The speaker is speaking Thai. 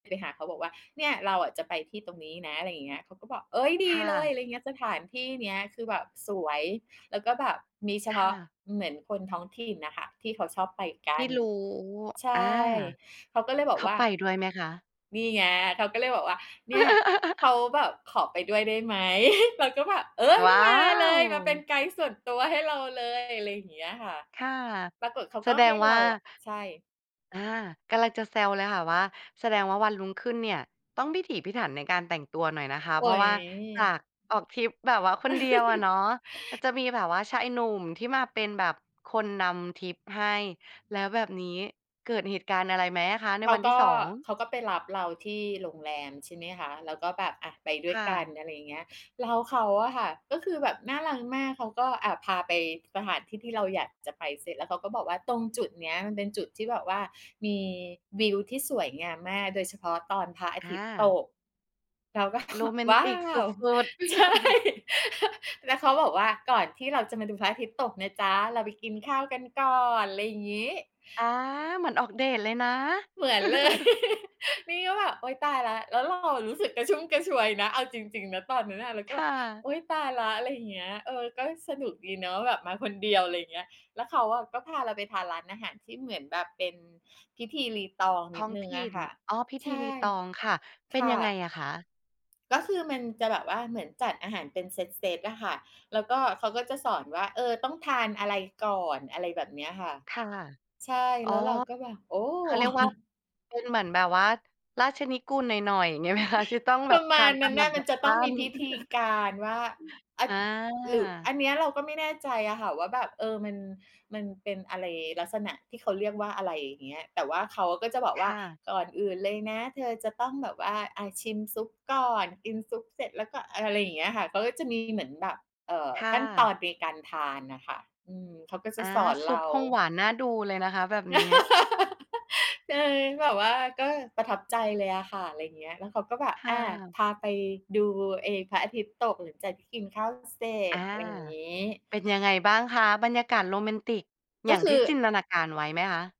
ด ไปหาเขาบอกว่า "เนี่ยเราอะ จะไปที่ตรงนี้นะ" อะไรอย่างเงี้ย เขาก็บอก "เอ๊ย! ดคี่เลย" ะ อะไรอย่างเงี้ย สถานที่เนี้ยคือแบบสวย แล้วก็แบบมีเฉคพา่ะ ะ เหมือนคนท้องถิ่นน่ะค่ะ ที่เขาชอบไปกทัี่น รู้ ใช่ อา เขาก็เลยบเอขกาว่า ไปด้วยไหมคะ? นี่ไง เขาก็เลยบอกว่า เนี่ยเขาแบบ "ขอไปด้วยได้ไหม?" เราก็แบบ "เอ๊ย! ว้ามาเลย มาเป็นว! ไกด์ส่วนตัวให้เราเลย" อะไรอย่างเงี้ยค่ะ ค่ะ ปรากฎเขาแสก็ดใหง้วเ่รา าอะ ใช่ อา กำลังจะแซวเลยค่ะว่า แสดงว่าวันรุ่งขึ้นเนี่ย ต้องพิถีพิถันในการแต่งตัวหน่อยนะคะ โเอพร๊าะวย ่าจากออกทริปแบบว่าคนเดียวอะเนาะ ก็จะมีแบบว่าชายหนุ่มที่มาเป็นแบบคนนำทริปให้ แล้วแบบนี้ เกิดเหตุการณ์อะไรไหมอะคะในเขวาันทีก่ ็ 2? เขาก็ไปรับเราที่โรงแรม ใช่ไหมคะ แล้วก็แบบ อา ไปด้ควย่กัะ น อะไรอย่างเงี้ย แล้วเขาอะค่ะก็คือแบบน่ารักมาก เขาก็ อา พาไปสถานที่ที่เราอยากจะไป เสร็จแล้วเค้าก็บอกว่า "ตรงจุดเนี้ยมันเป็นจุดที่แบบว่ามีวิวที่สวยงามมาก โดยเฉพาะตอนพระอาอทิตย์ตา ก" เราก็ โรแมนว้ตาิกสว! ุด ๆ ใช่ แล้วเขาบอกว่า "ก่อนที่เราจะมาดูพระอาทิตย์ตกนะจ๊ะ เราไปกินข้าวกันก่อน" อะไรอย่างงี้ อา เหมือนออกเดตเลยนะ เหมือนเลย นี่ก็แบบ โอ๊ย ตายแล้ว แล้วเราอะรู้สึกกระชุ่มกระชวยนะ เอาจริง ๆ นะ ตอนนั้นน่ะ เราคก็แบ่บ ะ "โอ๊ย ตายแล้ว" อะไรอย่างเงี้ย เออ ก็สนุกดีเนาะแบบมาคนเดียว อะไรอย่างเงี้ย แล้วเขาอะก็พาเราไปทานร้านอาหารที่เหมือนแบบเป็นพิธีรีตองนทิด้องหนึ่งถอิะ่น ค่ะ อ๋อ พิธใชี่ รีตอง ค่ะ เปค็น่ยังไงะ อะคะ? ก็คือมันจะแบบว่าเหมือนจัดอาหารเป็นเซต ๆ อะค่ะ แล้วก็เขาก็จะสอนว่า เออ ต้องทานอะไรก่อน อะไรแบบเนี้ยค่ะ ค่ะ ใช่ อ๋แอ ล้วเราก็แบบ โอ้! เขาเรียกว่าเป็นเหมือนแบบว่าราชนิกูลหน่อย ๆ เงี้ยไหมคะ ที่ต้องแบปรบะทมาาณนตนาั้มนลน่ะ ำมดัันบจะขต้อั้งมีน? พิธีการว่า อา อหรือ อา ันเนี้ยเราก็ไม่แน่ใจอะค่ะว่าแบบ เออ มัน มันเป็นอะไร ลักษณะที่เขาเรียกว่าอะไร อย่างเงี้ย แต่ว่าเขาก็จะบอกคว่า ่ะ "ก่อนอื่นเลยนะ เธอจะต้องแบบว่า อ่า ชิมซุปก่อน กินซุปเสร็จ แล้วก็" เออ อะไรอย่างเงี้ยค่ะ เขาก็จะมีเหมือนแบบ เอ่อ ค่ขั้นตอะ นในการ ทานน่ะค่ะ อืม เขาก็จอะา สอนซุเรปา คงหวานน่าดูเลยนะคะแบบนี้ ใช่ แบบว่าก็ประทับใจเลยอะค่ะ อะไรอย่างเงี้ย แล้วเขาก็แบบ คอ่า ะ พาไปดูไอ้พระอาทิตย์ตกหลังจากที่กินข้าวเสร็อจ า อะไรอย่างงี้ เป็นยังไงบ้างคะ? บรรยากาศโรแมนติกอกย็่างคืทอ ี่จินตนาการไว้ไหมคะ?